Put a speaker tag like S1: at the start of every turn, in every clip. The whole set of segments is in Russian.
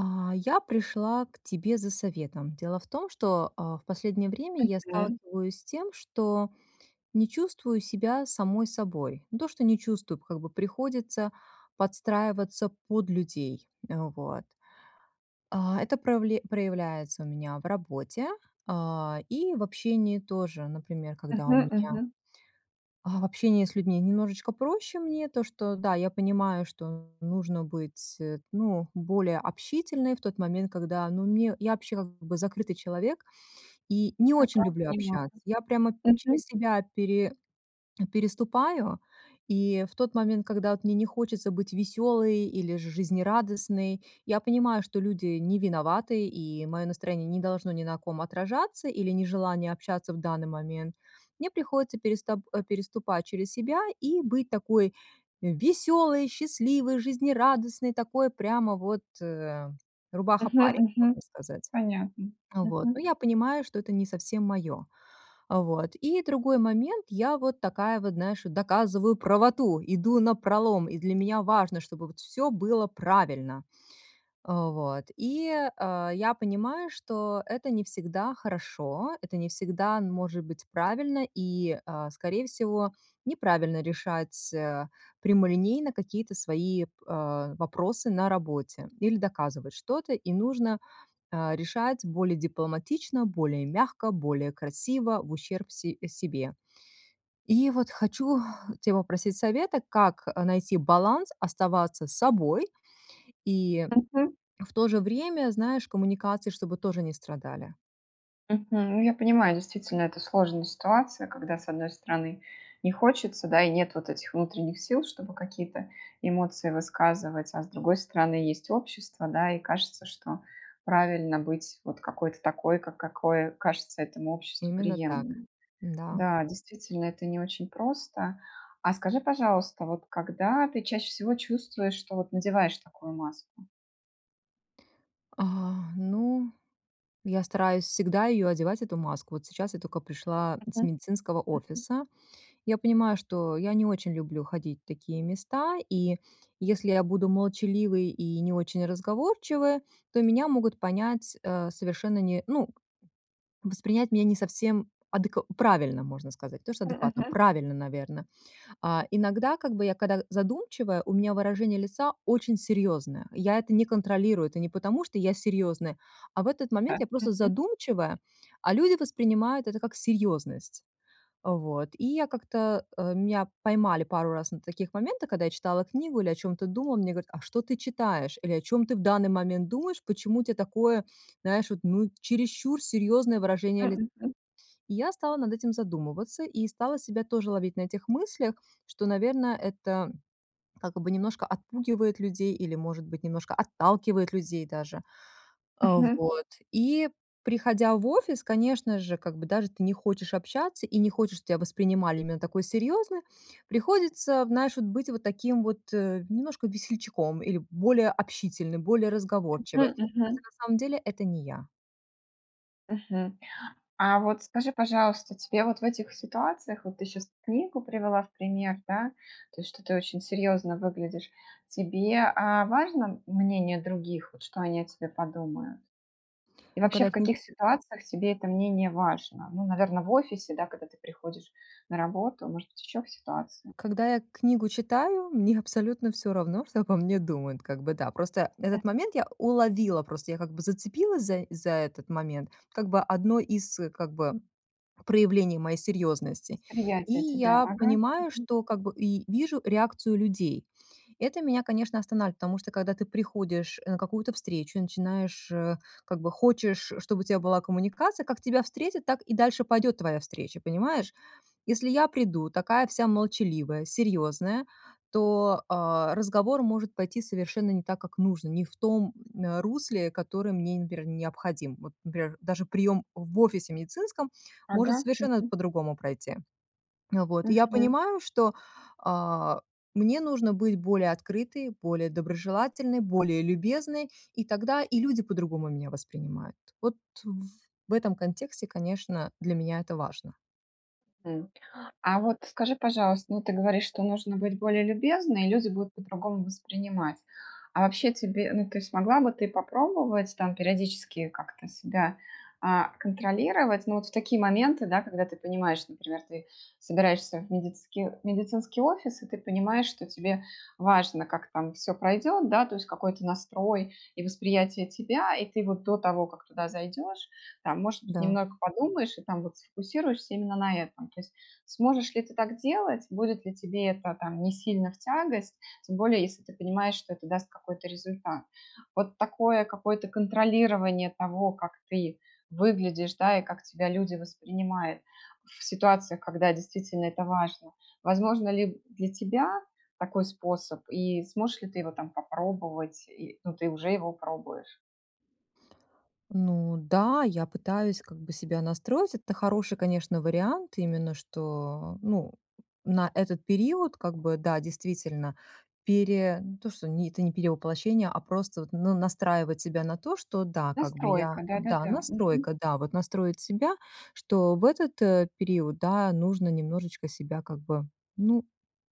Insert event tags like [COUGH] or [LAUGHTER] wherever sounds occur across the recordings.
S1: А, я пришла к тебе за советом. Дело в том, что, а, в последнее время я
S2: Мгм.
S1: сталкиваюсь с тем, что не чувствую себя самой собой. Не то что не чувствую, как бы приходится подстраиваться под людей. Э, вот. А, это правле проявляется у меня в работе, а, и в общении тоже, например, когда у
S2: Мгм
S1: меня
S2: мгм.
S1: а, в общении с людьми немножечко проще мне, то, что, да, я понимаю, что нужно быть, э, ну, более общительной в тот момент, когда, ну, мне Я вообще, как бы, закрытый человек и не
S2: Ага,
S1: очень люблю
S2: понимаю,
S1: общаться. Я прямо
S2: мгм.
S1: через себя пере [SWALLOWS] переступаю и в тот момент, когда вот мне не хочется быть веселой или же жизнерадостной. Я понимаю, что люди не виноваты, и мое настроение не должно ни на ком отражаться или нежелание общаться в данный момент. Мне приходится переста э, переступать через себя и быть такой веселой, счастливой, жизнерадостной, такой прямо вот, э,
S2: Мгм
S1: рубаха-парень,
S2: мгм.
S1: можно сказать.
S2: Понятно.
S1: А вот, ну,
S2: Мгм.
S1: я понимаю, что это не совсем моё. А вот, и другой момент, я вот такая вот, знаешь, доказываю правоту, иду напролом, и для меня важно, чтобы вот всё было правильно. А вот и, а, я понимаю, что это не всегда хорошо, это не всегда н может быть правильно и, а, скорее всего, неправильно решать, а, прямолинейно какие-то свои, а, вопросы на работе или доказывать что-то, и нужно, а, решать более дипломатично, более мягко, более красиво, в ущерб се а, себе. И вот хочу тя попросить совета, как, э, найти баланс, оставаться собой и
S2: Мгм.
S1: в то же время, знаешь, коммуникации чтобы тоже не страдали.
S2: Мгм. Я понимаю, действительно, это сложная ситуация, когда с одной стороны не хочется, да и нет вот этих внутренних сил, чтобы какие-то эмоции высказывать, а с другой стороны есть общество, да, и кажется, что правильно быть вот какой-то такой, ка какой кажется этому обществу
S1: Именно так,
S2: приемлемым.
S1: м-да.
S2: Да, действительно, это не очень просто. А скажи, пожалуйста, вот когда ты чаще всего чувствуешь, что вот надеваешь такую маску?
S1: А, ну, я стараюсь всегда ее одевать, эту маску. Вот сейчас я только пришла с
S2: Мгм
S1: медицинского
S2: мгм.
S1: офиса. Я понимаю, что я не очень люблю ходить в такие места, и если я буду молчаливой и не очень разговорчивой, то меня могут понять, э, совершенно не ну, воспринять меня не совсем адекв правильно, можно сказать. Не то что
S2: Мгм,
S1: адекватно,
S2: мгм.
S1: правильно, наверно. А, иногда как бы я, када задумчивая, у меня выражение лица очень серьезное. Я это не контролирую, это не потому, что я серьезная, а в этот
S2: Да.
S1: момент я просто
S2: Мгм.
S1: задумчивая, а люди воспринимают это как серьезность. А, вот. И я как-то, э, меня поймали пару раз на таких моментах, когда я читала книгу или о чем-то думала, мне говорят: "А что ты читаешь?" Или "О чем ты в данный момент думаешь, почему у тя такое, знаешь, вот, ну, чересчур серьезное выражение
S2: М,
S1: ли"
S2: мгм.
S1: И я стала над этим задумываться, и стала себя тоже ловить на этих мыслях, что, наверно, это как бы немножко отпугивает людей или, может быть, немножко отталкивает людей даже. Э,
S2: Мгм.
S1: вот. И приходя в офис, конечно же, как бы даже ты не хочешь общаться, и не хочешь, что тя воспринимали именно такой серьезной, приходится, вот, знаешь, быть таким вот немножко весельчаком или более общительным, более разговорчивой.
S2: Мгм.
S1: А хотя,
S2: Мгм.
S1: на самом деле, это не я.
S2: Мгм. А вот, скажи, пожалуйста, тебе вот в этих ситуациях, вот ты щас книгу привела в пример, да, то есть, что ты очень серьезно выглядишь, тебе, а, важно мнение других, вот что они о тебе подумают? И
S1: Ну,
S2: вообще
S1: когда я
S2: в
S1: кни
S2: каких ситуациях тебе это мнение важно? Ну, наверно, в офисе, да, когда ты приходишь на работу, может быть еще в ситуации?
S1: Когда я книгу читаю, мне абсолютно всё равно, что обо мне думают, как бы да. Просто этот
S2: Мгм.
S1: момент я уловила, просто я как бы зацепилась заи за этот момент, как бы одно из как бы проявлений моей серьезности, и
S2: Восприятие тебя.
S1: я
S2: Ага.
S1: понимаю,
S2: Мгм.
S1: что как бы, и вижу реакцию людей. Это меня, конечно, останавливает, потому что когда ты приходишь на какую-то встречу и начинаешь, э, как бы хочешь, чтобы у тебя была коммуникация, как тебя встретят, так и дальше пойдет твоя встреча, понимаешь? Если я приду, такая вся молчаливая, серьезная, то, а, разговор может пойти совершенно не так, как нужно, не в том, э, русле, которое мне, например, необходим. Вот, например, даже прием в офисе медицинском может
S2: Ага.
S1: совершенно
S2: Мгм.
S1: по-другому пройти. А вот, и я
S2: Мгм.
S1: понимаю, что, а, мне нужно быть более открытой, более доброжелательной, более любезной, и тогда и люди по-другому меня воспринимают. Вот в этом контексте, конечно, для меня это важно.
S2: М, а вот, скажи, пожалуйста, ну, ты говоришь, что нужно быть более любезной, и люди будут по-другому воспринимать. А вообще тебе ну, ты смогла бы ты попробовать, там, периодически как-то себя, а, контролировать? Ну вот, в такие моменты, да, когда ты понимаешь, например, ты собираешься в медицики в медицинский офис и ты понимаешь, что тебе важно, как там все пройдет, да, то есть какой-то настрой и восприятие тебя. И ты вот до того, как туда зайдешь, там, может быть,
S1: Да.
S2: немного подумаешь и, там вот, сфокусируешься именно на этом. То есть сможешь ли ты так делать? Будет ли тебе это там не сильно в тягость, тем более если ты понимаешь, что это даст какой-то результат? Вот такое какое-то контролирование того, как ты выглядишь, да, и как тебя люди воспринимают в ситуациях, когда действительно это важно. Возможно ли для тебя такой способ и сможешь ли ты его там попробовать? И, ну, ты уже его пробуешь.
S1: Ну да, я пытаюсь как бы себя настроить. Это хороший, конечно, вариант, именно что, ну, на этот период как бы, да, действительно пере не то, что, не, это не перевоплощение, а просто вот, ну, настраивать себя на то, что, да, как бы я,
S2: Настройка.
S1: да,
S2: Да-да-да. Мгм.
S1: настройка, да, вот настроить себя, что в этот период, да, нужно немножечко себя как бы, ну,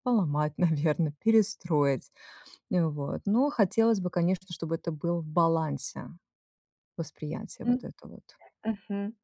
S1: поломать, наверно, перестроить. Вот, но хотелось бы, конечно, чтобы это было в балансе, восприятие вот
S2: М,
S1: этого вот.
S2: мгм.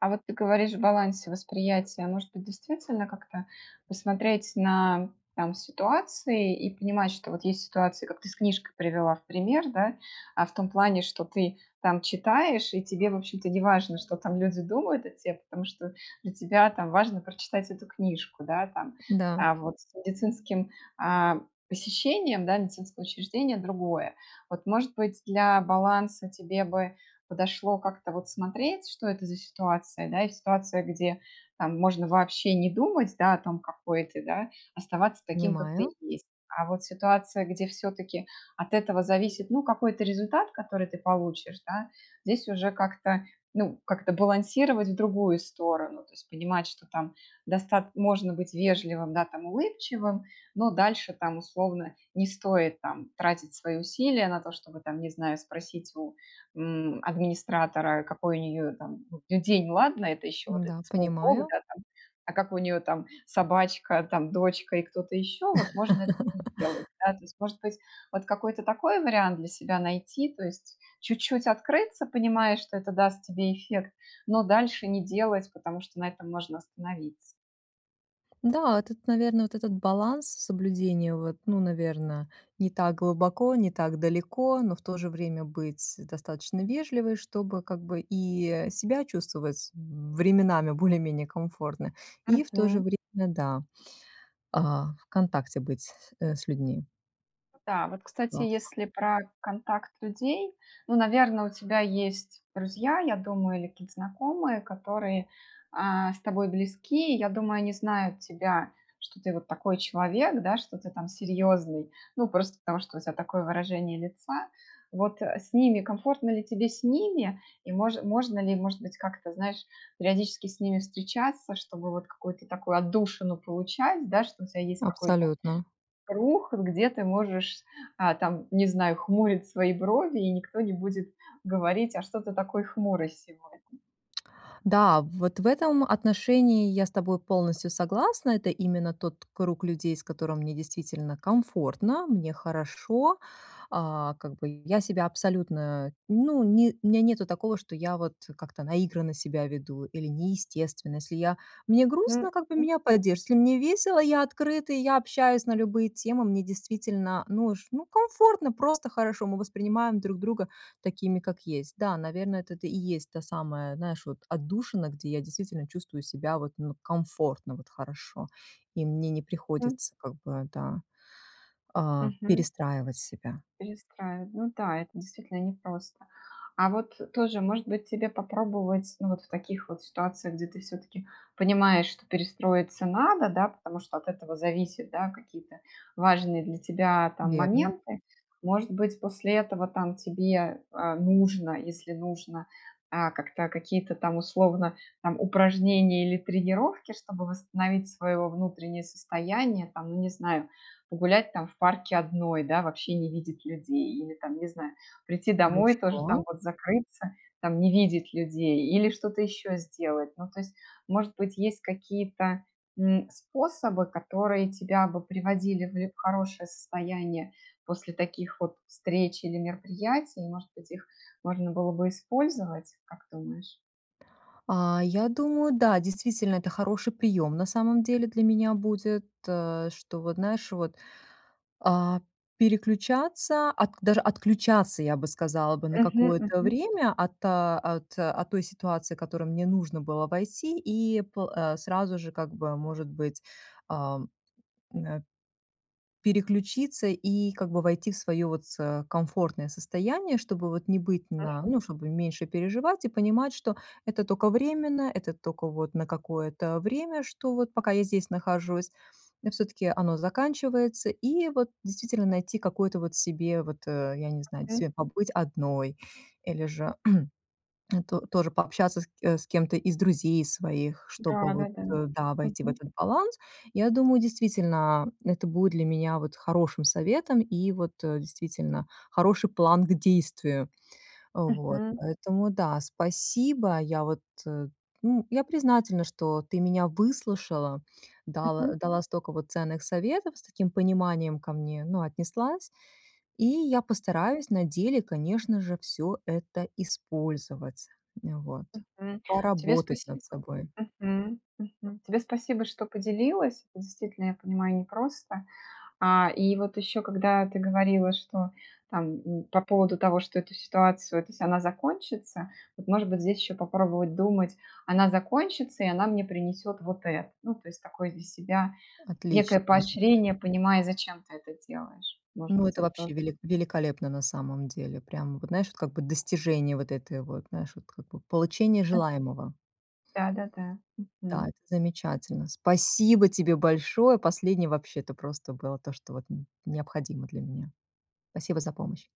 S2: А вот ты говоришь в балансе восприятия, может быть, действительно как-то посмотреть на, там, ситуации, и понимать, что вот есть ситуации, как ты с книжкой привела в пример, да? А в том плане, что ты там читаешь, и тебе, в общем-то, не важно, что там люди думают о те, потому что для тебя, там, важно прочитать эту книжку. Да? Там.
S1: Да.
S2: А вот с медицинским, а, посещением, да, медицинского учреждения другое. Вот, может быть, для баланса тебе бы подошло как-то вот смотреть, что это за ситуация, да, и ситуация, где, там, можно вообще не думать, да, о том, какой ты, да? Оставаться таким, какой ты
S1: Понимаю.
S2: есть. А вот ситуация, где все-таки от этого зависит, ну, какой-то результат, который ты получишь, да, здесь уже как-то, ну, как-то балансировать в другую сторону. То есть понимать, что там достат можно быть вежливым, да, там, улыбчивым, но дальше там, условно, не стоит там тратить свои усилия на то, чтобы, там, не знаю, спросить у, м, администратора, какой у нее там, ну, день, ладно, это еще вот этот
S1: Да,
S2: смоллток,
S1: понимаю.
S2: да, там, а как у нее там собачка, там, дочка и кто-то еще вот- можно этого не сделать.
S1: [LAUGHS]
S2: Да, то есть, может быть, вот какой-то такой вариант для себя найти, то есть чуть-чуть открыться, понимая, что это даст тебе эффект, но дальше не делать, потому что на этом можно остановиться.
S1: Да, тут, наверное, вот этот баланс соблюдения вот, ну, наверно, не так глубоко, не так далеко, но в то же время быть достаточно вежливой, чтобы как бы и, э, себя чувствовать временами более-менее комфортно, и в то же
S2: Мгм.
S1: время, да, а, в контакте быть с с э, с людьми.
S2: Да, вот, кстати,
S1: Классно.
S2: если про контакт людей, ну, наверно, у тебя есть друзья, я думаю, или какие-то знакомые, которые, а, с тобой близки. И, я думаю, они знают тебя, что ты вот такой человек, да, что ты там серьезный. Ну, просто потому что у тебя такое выражение лица. Вот, а с ними комфортно ли тебе с ними? И мож можно ли, может быть, как-то, знаешь, периодически с ними встречаться, чтобы вот какую-то такую отдушину получать, да, что у тебя есть какой-то
S1: Абсолютно.
S2: круг, где ты можешь, а, там, не знаю, хмурить свои брови, и никто не будет говорить: "А что ты такой хмурый сегодня?"
S1: Да, вот в этом отношении я с тобой полностью согласна. Это именно тот круг людей, с которым мне действительно комфортно, мне хорошо. А, как бы я себя абсолютно, ну не у меня нету такого, что я вот как-то наигранно себя веду, или неестественно. Если я мне
S2: М,
S1: грустно, как бы
S2: мгм.
S1: меня поддержат. Если мне весело, я открыта, и я общаюсь на любые темы, мне действительно нуж ну комфортно, просто хорошо. Мы воспринимаем друг друга такими, как есть. Да, наверно, это и есть та самая, знаешь, вот отдушина, где я действительно чувствую себя вот, ну, комфортно, вот хорошо. И мне не
S2: М.
S1: приходится, как бы, да, а,
S2: Мгм.
S1: перестраивать себя.
S2: Перестраив ну да, это действительно непросто. А вот тоже, может быть, тебе попробовать, ну вот, в таких вот ситуациях, где ты всё-таки понимаешь, что перестроиться надо, да, потому что от этого зависят, да, какие-то важные для тебя, там,
S1: Верно.
S2: моменты. Может быть, после этого, там, тебе, а, нужно, если нужно, а, как-то, какие-то там, условно, там, упражнения или тренировки, чтобы восстановить свое во внутреннее состояние, там, ну, не знаю, погулять там в парке одной, да, вообще не видеть людей или там, не знаю, прийти домой, тоже там
S1: Хорошо.
S2: вот закрыться, там, не видеть людей, или что-то еще сделать. Ну то есть, может быть, есть какие-то, м, способы, которые тебя бы приводили в хорошее состояние после таких вот встреч или мероприятий, может быть их можно было бы использовать, как думаешь?
S1: А, я думаю, да, действительно, это хороший прием, на самом деле, для меня будет, э, что вот, знаешь, вот, а, переключаться, отк даже отключаться, я бы сказала бы, на
S2: Мгм
S1: какое-то
S2: мгм.
S1: время от, э, от от той ситуации, в которую мне нужно было войти, и по э, сразу же как бы, может быть, эм, эна переключиться и как бы войти в свое вот с комфортное состояние, чтобы вот не быть на
S2: Мгм.
S1: ну, чтобы меньше переживать и понимать, что это тока временно, это тока вот на какое-то время, что вот пока я здесь нахожусь. И всё-таки оно заканчивается, и вот, действительно, найти какой-то вот себе вот, э, я не знаю,
S2: М.
S1: тебе побыть одной, или же [CLEARS THROAT] то тоже пообщаться ск э, с кем-то из друзей своих, чтобы
S2: Да
S1: вот,
S2: да да.
S1: э, да, войти в
S2: Мгм.
S1: этот баланс. Я думаю, действительно, это будет для меня вот хорошим советом и вот, э, действительно, хороший план к действию. Вот.
S2: Мгм.
S1: Поэтому, да, спасибо. Я вот, э, н я признательна, что ты меня выслушала, дала
S2: Мгм.
S1: дала столько вот ценных советов, с таким пониманием ко мне, ну, отнеслась. И я постараюсь на деле, конечно же, всё это использовать, м, вот.
S2: Мгм. Тебе
S1: Поработать
S2: спасибо
S1: над собой.
S2: Мгм мгм. Тебе спасибо, что поделилась. Действительно, я понимаю, непросто. А, и вот еще когда ты говорила, что там, м, по поводу того, что эту ситуацию ты сама закончится, вот может быть здесь еще попробовать думать: "Она закончится и она мне принесет вот это". Ну, то есть такой для себя некое
S1: Отлично. [UNINTELLIGIBLE]
S2: поощрение, понимая, зачем ты это делаешь. Может
S1: Ну,
S2: быть,
S1: это
S2: это тоже
S1: вообще велик
S2: можно.
S1: великолепно на самом деле. Прям вот, знаешь, как бы достижение вот этой вот, знаешь, вот как бы получения
S2: М.
S1: желаемого.
S2: Да да да.
S1: Да,
S2: Мгм.
S1: это замечательно. Спасибо тебе большое, последнее вообще-то просто было то, что вот н необходимо для меня. Спасибо за помощь.